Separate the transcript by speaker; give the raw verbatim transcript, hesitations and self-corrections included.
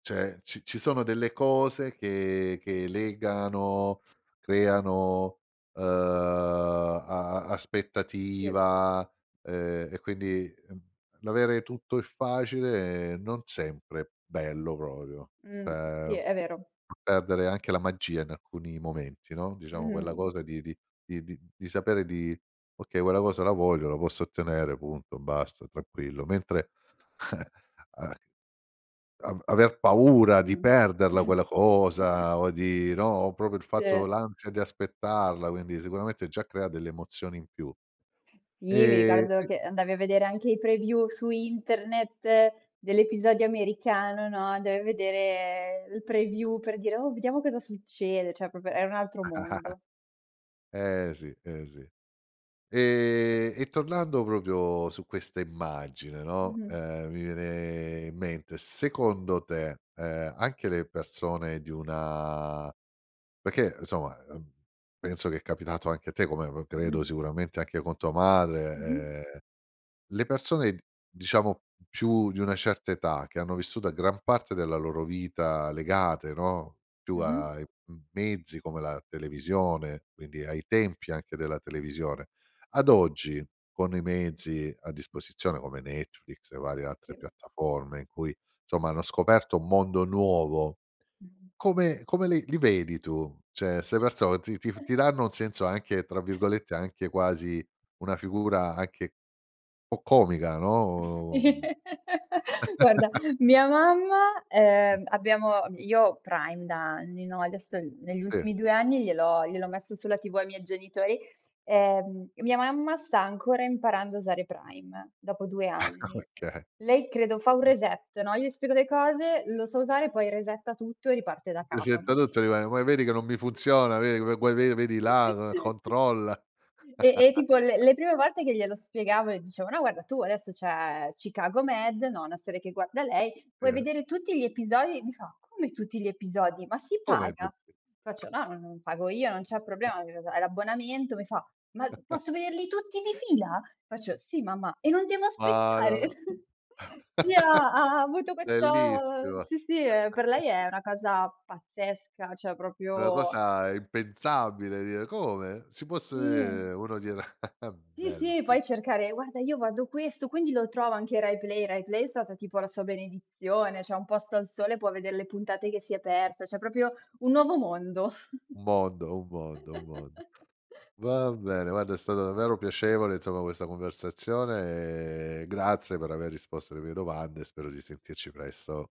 Speaker 1: Cioè ci ci sono delle cose che che legano, creano, uhm, a a
Speaker 2: Sì.
Speaker 1: aspettativa eh e quindi, mhmm, l'avere tutto e facile non sempre bello proprio
Speaker 2: Mh sì,
Speaker 1: cioè,
Speaker 2: è vero.
Speaker 1: fa perdere anche la magia in alcuni momenti no, diciamo quella
Speaker 2: Mh-mh.
Speaker 1: cosa di di di di di sapere di: "Okay, quella cosa la voglio, la posso ottenere" punto, basta, tranquillo. Mentre, eh, a av aver paura di
Speaker 2: Mh.
Speaker 1: perderla quella cosa o di no, o proprio il
Speaker 2: Sì.
Speaker 1: fatto l'ansia di aspettarla, quindi sicuramente già crea delle emozioni in più.
Speaker 2: Sì, mi
Speaker 1: E
Speaker 2: ricordo
Speaker 1: c
Speaker 2: che andavi a vedere anche i preview su internet dell'episodio americano, no, andavi a vedere il preview per dire: "Oh, vediamo cosa succede." cioè proprio era un altro mondo.
Speaker 1: Eh sì, eh sì. Ehm, e tornando proprio su questa immagine, no,
Speaker 2: Mh-mh.
Speaker 1: ehm, mi viene in mente secondo te, ehm, anche le persone di una perché insomma, ehm, penso che è capitato anche a te come pro credo
Speaker 2: Mh-mh.
Speaker 1: sicuramente anche con tua
Speaker 2: Mh-mh.
Speaker 1: madre, ehm, le persone, diciamo, più di una certa età che hanno vissuto a gran parte della loro vita legate, no, più
Speaker 2: Mh-mh.
Speaker 1: ai m mezzi come la televisione, quindi ai tempi anche della televisione. Ad oggi, con i mezzi a disposizione come Netflix e varie altre
Speaker 2: Sì.
Speaker 1: piattaforme in cui insomma hanno scoperto un mondo nuovo,
Speaker 2: Mh-mh.
Speaker 1: come come li li vedi tu? Cioè 'ste persone ti ti ti danno un senso anche tra virgolette anche quasi una figura anche po' "comica"
Speaker 2: Sì.
Speaker 1: no.
Speaker 2: Guarda mia mamma
Speaker 1: Eh.
Speaker 2: ehm abbiamo io ho Prime da anni, no, adesso negli
Speaker 1: Sì.
Speaker 2: ultimi due anni gliel'ho gliel'ho messo sulla TV ai miei genitori, ehm e mia mamma sta ancora imparando a usare Prime dopo due anni.
Speaker 1: Ok.
Speaker 2: Lei credo fa un
Speaker 1: Mh.
Speaker 2: reset, no, io gli spiego le cose, lo sa usare poi resetta tutto e riparte da capo,
Speaker 1: Resetta
Speaker 2: no?
Speaker 1: tutto e rimane: "Poi vedi che non mi funziona, vedi come que ve vedi là, controlla."
Speaker 2: E e tipo le le prime volte che glielo spiegavo e dicevo: "No guarda tu adesso c'è Chicago Med", no, una serie che guarda lei "puoi
Speaker 1: Sì.
Speaker 2: vedere tutti gli episodi", e mi fa "come tutti gli episodi? Ma si
Speaker 1: Come
Speaker 2: paga?",
Speaker 1: tutti?
Speaker 2: faccio "no, non, pago io, non c'è problema, [unintelligible] hai l'abbonamento", mi fa "ma posso vederli tutti di fila?", faccio "sì mamma", "e non devo aspettare?".
Speaker 1: Madò!
Speaker 2: Sì, ha ha avuto questo
Speaker 1: Bellissimo.
Speaker 2: sì, sì, ehm, per lei è una cosa pazzesca, cioè
Speaker 1: Una
Speaker 2: proprio
Speaker 1: cosa impensabile dire: "Come si può se
Speaker 2: Sì.
Speaker 1: uno dirà"
Speaker 2: Sì,
Speaker 1: bello,
Speaker 2: sì,
Speaker 1: bello.
Speaker 2: puoi cercare: "Guarda io guardo questo, quindi lo trovo anche Rai Play?", Rai Play è stata tipo la sua benedizione, c'è Un posto al sole può vedere le puntate che si è persa, cioè proprio un nuovo mondo.
Speaker 1: Un mondo, un mondo, un mondo. Va bene, guarda, è stato davvero piacevole, insomma, questa conversazione e grazie per aver risposto alle mie domande e spero di sentirci presto.